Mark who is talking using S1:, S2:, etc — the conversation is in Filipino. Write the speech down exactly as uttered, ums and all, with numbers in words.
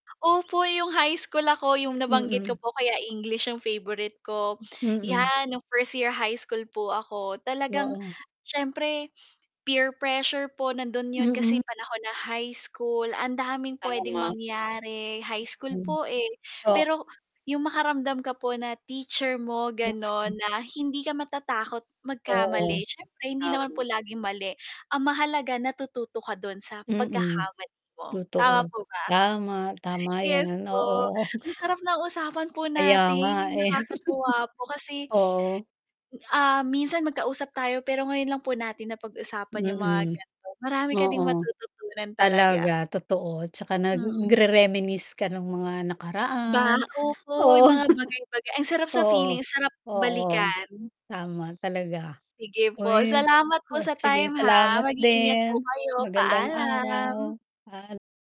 S1: Opo yung high school ako, yung nabanggit ko
S2: Mm.
S1: po kaya English yung favorite ko.
S2: Mm.
S1: 'Yan nung first year high school po, ako talagang
S2: Oo.
S1: syempre peer pressure po nandun yun kasi
S2: Mm.
S1: panahon na high school, ang daming pwedeng
S2: Tama.
S1: mangyari high school po eh,
S2: Ah
S1: pero yung makaramdam ka po na teacher mo ganon,
S2: [unintelligible]
S1: na hindi ka matatakot
S2: Oo,
S1: magkamali syempre hindi naman po
S2: tama.
S1: laging mali, ang mahalaga natututo ka dun sa
S2: Mm,
S1: pagkakamali mo, tama
S2: totoo.
S1: po ba?
S2: Tama, tama
S1: Yes
S2: 'yan,
S1: po
S2: oo.
S1: ang sarap ng usapan po
S2: Kaya nga
S1: natin,
S2: eh.
S1: nakakatuwa po kasi
S2: Oo.
S1: ah, minsan magkausap tayo, pero ngayon lang po natin na pag-usapan yung mga
S2: Mm.
S1: ganon, marami ka ding
S2: Oo,
S1: matututunan talaga.
S2: talaga totoo 'tsaka
S1: Mm.
S2: nagre-reminisce ka nung mga
S1: Ba
S2: nakaraan.
S1: opo
S2: Oo.
S1: yung mga bagay-baga ang sarap sa
S2: Oo,
S1: feeling, sarap
S2: oo.
S1: balikan.
S2: Tama talaga.
S1: Sige po,
S2: Uy,
S1: salamat po
S2: oh
S1: sa
S2: sige
S1: time ha,
S2: salamat
S1: mag-iingat po
S2: din,
S1: kayo,
S2: magandang araw
S1: paalam.
S2: paal